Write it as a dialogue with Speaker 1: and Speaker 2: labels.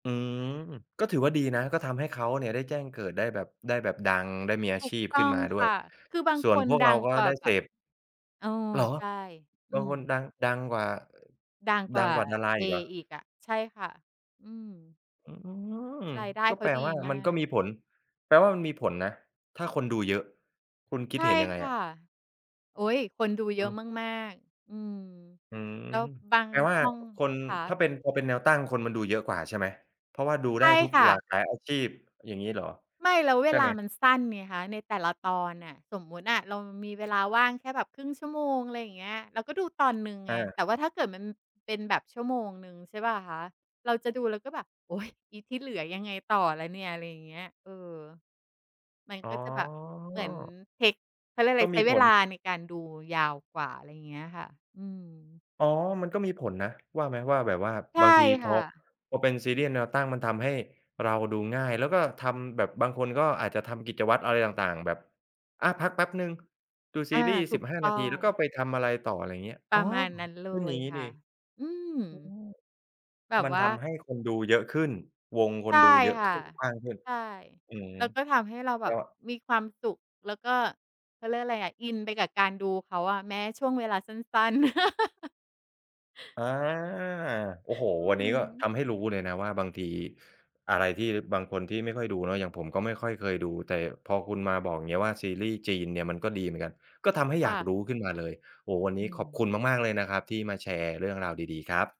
Speaker 1: อืม ก็ถือว่าดีนะ ก็ทำให้เขาเนี่ยได้แจ้งเกิด ได้แบบ ได้แบบดัง ได้มีอา
Speaker 2: ถู
Speaker 1: ช
Speaker 2: ก
Speaker 1: ีพ
Speaker 2: ต
Speaker 1: ขึ
Speaker 2: ้
Speaker 1: ้น
Speaker 2: อง
Speaker 1: มาด้
Speaker 2: ค
Speaker 1: วย
Speaker 2: ่ะ คือบาง
Speaker 1: ส่
Speaker 2: ค
Speaker 1: วน
Speaker 2: น
Speaker 1: พวกเ
Speaker 2: ด
Speaker 1: รา
Speaker 2: ัง
Speaker 1: ก็
Speaker 2: กว่
Speaker 1: ไ
Speaker 2: า
Speaker 1: ด้
Speaker 2: แบ
Speaker 1: เส
Speaker 2: บ
Speaker 1: พ
Speaker 2: เออ
Speaker 1: เหรอ!
Speaker 2: ใช่ อื
Speaker 1: บาง
Speaker 2: ม
Speaker 1: คนดัง ดังกว่า เอ่อ
Speaker 2: ดังก
Speaker 1: ด
Speaker 2: ว
Speaker 1: ั
Speaker 2: ่
Speaker 1: ง
Speaker 2: า
Speaker 1: กว่าดารา
Speaker 2: เอ
Speaker 1: อีกเหรอ?
Speaker 2: อีกอะ ใช่ค่ะ อืม
Speaker 1: อืม
Speaker 2: รายได้
Speaker 1: ก็
Speaker 2: เข
Speaker 1: แป
Speaker 2: า
Speaker 1: ล
Speaker 2: ด
Speaker 1: ว
Speaker 2: ี
Speaker 1: ่า
Speaker 2: ม
Speaker 1: มัน
Speaker 2: า
Speaker 1: ก็
Speaker 2: ก
Speaker 1: มีผล แปลว่ามันมีผลนะถ้าคนดูเยอะ คุณคิ
Speaker 2: ใ
Speaker 1: ด
Speaker 2: ช่
Speaker 1: เห็นยังไง
Speaker 2: ค
Speaker 1: อ
Speaker 2: ่ะ
Speaker 1: ะ?
Speaker 2: โอ๊ย คนดู
Speaker 1: อือ
Speaker 2: เย
Speaker 1: ฮ
Speaker 2: อะ
Speaker 1: ึ
Speaker 2: มาก ๆ อืม
Speaker 1: อืม
Speaker 2: แล้วบาง
Speaker 1: แปลว่า
Speaker 2: ช่อง
Speaker 1: คน
Speaker 2: คะ
Speaker 1: ถ้าเป็น พอเป็นแนวตั้งคนมันดูเยอะกว่าใช่ไหม เพราะว่าดู
Speaker 2: ใช
Speaker 1: ได้
Speaker 2: ่
Speaker 1: ทุก
Speaker 2: ค่
Speaker 1: หลา
Speaker 2: ะ
Speaker 1: กหลายอาชีพ อย่างงี้เหรอ
Speaker 2: ไม่ แล้วเว
Speaker 1: ใช่
Speaker 2: ล
Speaker 1: ไห
Speaker 2: า
Speaker 1: ม?
Speaker 2: มันสั้นไงคะ ในแต่ละตอนน่ะ สมมติอะเรามีเวลาว่างแค่แบบครึ่งชั่วโมง อะไรอย่างเงี้ย เราก็ดูตอนหนึ่งไง
Speaker 1: อา
Speaker 2: แต่ว่าถ้าเกิดมัน เป็นแบบชั่วโมงหนึ่งใช่เปล่าคะ เราจะดูเราก็แบบ โอ๊ย อีที่เหลือยังไงต่อล่ะเนี่ย อะไรอย่างเงี้ย เออ มัน
Speaker 1: อ๋
Speaker 2: ก็จะแบบ เหมือน
Speaker 1: อ
Speaker 2: เทก เขาเรียกอะ
Speaker 1: ก
Speaker 2: ไร
Speaker 1: ็
Speaker 2: ใ
Speaker 1: ม
Speaker 2: ช
Speaker 1: ี
Speaker 2: ้เ
Speaker 1: ผ
Speaker 2: วล
Speaker 1: ล
Speaker 2: าในการดูยาวกว่า อะไรอย่างเงี้ยค่ะ อืม
Speaker 1: อ๋อ มันก็มีผลนะ ว่าไหม ว่าแบบว่า
Speaker 2: ใช่
Speaker 1: บางทีพ
Speaker 2: ค่
Speaker 1: อ
Speaker 2: ะ
Speaker 1: พอเป็นซีรีส์แนวตั้งมันทำให้เราดูง่าย แล้วก็ทำ แบบบางคนก็อาจจะทำกิจวัตรอะไรต่าง ๆ แบบ อา พักแป๊บหนึ่ง ดูซ
Speaker 2: อ
Speaker 1: ี
Speaker 2: า
Speaker 1: รีย์
Speaker 2: ถ
Speaker 1: ส
Speaker 2: ู
Speaker 1: ิบ
Speaker 2: ก
Speaker 1: ห้า
Speaker 2: ต
Speaker 1: น
Speaker 2: ้อ
Speaker 1: าที แล
Speaker 2: ง
Speaker 1: ้วก็ไปทำอะไรต่อ อะไรอย่างเงี้ย
Speaker 2: ป
Speaker 1: อ๋
Speaker 2: ร
Speaker 1: อ
Speaker 2: ะมาณนั้นเล
Speaker 1: อือ อย่
Speaker 2: ย
Speaker 1: างงี้
Speaker 2: ค
Speaker 1: ด
Speaker 2: ่
Speaker 1: ี
Speaker 2: ะ อือ
Speaker 1: อืม
Speaker 2: แบ
Speaker 1: ม
Speaker 2: บ
Speaker 1: ัน
Speaker 2: ว
Speaker 1: ท
Speaker 2: ่า
Speaker 1: ำให้คนดูเยอะขึ้น วงค
Speaker 2: ใช
Speaker 1: น
Speaker 2: ่
Speaker 1: ดูเยอะ
Speaker 2: ค
Speaker 1: ข
Speaker 2: ่ะ
Speaker 1: ึ้น กว้างขึ้น
Speaker 2: ใช่
Speaker 1: อืม
Speaker 2: แล้วก็ทำให้เราแบ
Speaker 1: ก็
Speaker 2: บมีความสุข แล้วก็ เขาเรียกอะไรอะ อินไปกับการ ดูเขาอะ แม้ช่วงเวลาสั้น ๆ
Speaker 1: อา โอ้โฮ
Speaker 2: อื
Speaker 1: วันนี้ก็
Speaker 2: ม
Speaker 1: ทำให้รู้เลยนะว่าบางทีอะไรที่บางคนที่ไม่ค่อยดูเนาะ อย่างผมก็ไม่ค่อย เคยดู แต่พอคุณมาบอกอย่างนี้ ว่าซีรีย์จีนเนี่ยมันก็ดีเหมือนกัน ก็ทำให้
Speaker 2: ค
Speaker 1: อย
Speaker 2: ่
Speaker 1: ากร
Speaker 2: ะ
Speaker 1: ู้ขึ้นมาเลย โอ้โฮ วันน
Speaker 2: อ
Speaker 1: ี้
Speaker 2: ื
Speaker 1: ขอบค
Speaker 2: ม
Speaker 1: ุณมาก ๆ เลยนะครับที่มาแชร์เรื่องราวดี ๆ ครับ